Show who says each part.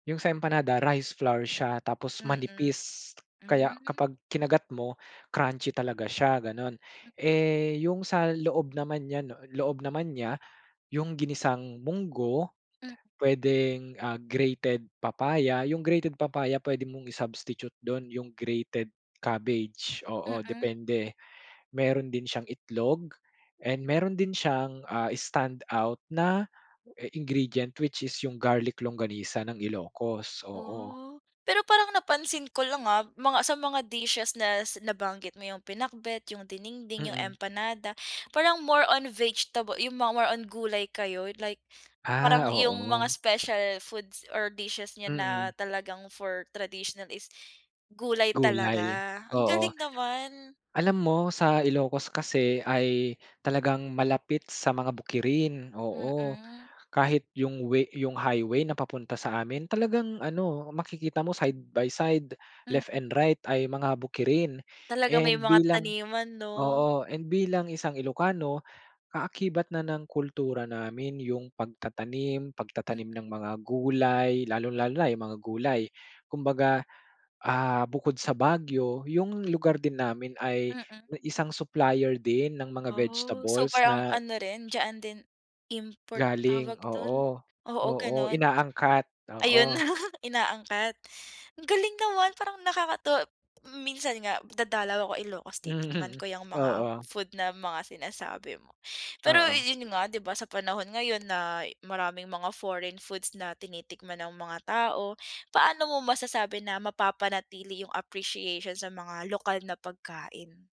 Speaker 1: Yung sa empanada, rice flour siya. Tapos
Speaker 2: Mm.
Speaker 1: manipis kaya
Speaker 2: Hmm.
Speaker 1: kapag kinagat mo, crunchy talaga siya, ganon.
Speaker 2: Hmm.
Speaker 1: Eh, yung sa loob naman niya, no, loob naman niya yung ginisang munggo.
Speaker 2: Hmm.
Speaker 1: Pwedeng, ah, grated papaya, yung grated papaya pwede mong i-substitute dun yung grated cabbagge. Oo,
Speaker 2: Mm.
Speaker 1: depende. Meron din siyang itlog and meron din siyang, ah, stand out na i ingredient which is yung garlic longganisa ng Ilocos, oo.
Speaker 2: Oh, pero parang napansin ko lang, ah, mga sa mga dishes nas nabanggit mo yung pinakbet yung diningding yung
Speaker 1: Mm.
Speaker 2: empanada parang more on vegetable yung mga more on gulay kayo like
Speaker 1: Ah,
Speaker 2: parang yung mga
Speaker 1: oo.
Speaker 2: special foods or dishes niyo
Speaker 1: Mm.
Speaker 2: na talagang for traditional is gulay
Speaker 1: Gulay,
Speaker 2: talaga. Ang
Speaker 1: oo.
Speaker 2: galing naman.
Speaker 1: Alam mo sa Ilocos kasi ay talagang malapit sa mga bukirin, oo.
Speaker 2: Mm.
Speaker 1: Kahit yung way 'yong highway na papunta sa amin talagang ano makikita mo side by side left
Speaker 2: Mm.
Speaker 1: and right ay mga bukirin.
Speaker 2: Talaga may
Speaker 1: And
Speaker 2: mga
Speaker 1: bilang
Speaker 2: taniman, 'no?
Speaker 1: oo, and bilang isang ilocano kaakibat na ng kultura namin yung pagtatanim, pagtatanim
Speaker 2: Mm.
Speaker 1: ng mga gulay, lalong lalo na yung mga gulay. Kumbaga, ah, bukod sa Baguio yung lugar din namin ay,
Speaker 2: Mm.
Speaker 1: eh, isang supplier din ng mga
Speaker 2: Oh,
Speaker 1: vegetables
Speaker 2: super ang
Speaker 1: na
Speaker 2: ano rin diyaan din, import ba
Speaker 1: Galing
Speaker 2: tawag dun?
Speaker 1: oo.
Speaker 2: Oo,
Speaker 1: Oo,
Speaker 2: gano'n.
Speaker 1: inaangkat,
Speaker 2: Ayun
Speaker 1: oo.
Speaker 2: inaangkat. Ang galing naman parang nakakatuwa mm, minsan nga dadalaw ako Ilocos titikman
Speaker 1: Mhm,
Speaker 2: ko yang mga
Speaker 1: oo.
Speaker 2: food na mga sinasabi mo. Pero
Speaker 1: Oo.
Speaker 2: yun nga, 'di ba, sa panahon ngayon nay maraming mga foreign foods na tinitikman ang mga tao. Paano mo masasabi na mapapanatili yung appreciation sa mga lokal na pagkain?